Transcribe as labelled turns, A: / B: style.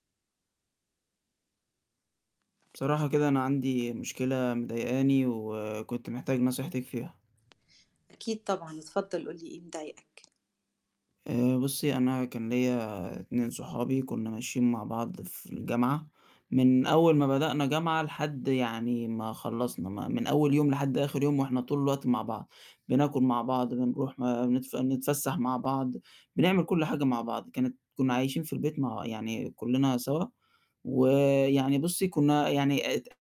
A: بصراحة كده أنا عندي مشكلة مضايقاني وكنت محتاج نصيحتِك فيها.
B: أكيد طبعًا، اتفضّل قُل لي إيه مضايقك.
A: آآ بُصّي، أنا كان ليا 2 صُحابي كُنّا ماشيين مع بعض في الجامعة، من أول ما بدأنا جامعة لحد يعني ما خلّصنا م من أول يوم لحد آخر يوم وإحنا طول الوقت مع بعض، بناكل مع بعض، بنروح نتف نتفسح مع بعض، بنعمل كل حاجة مع بعض كانت كُنّا عايشين في البيت مع يعني كُلّنا سوا ويعني بُصّي، كُنّا يعني ات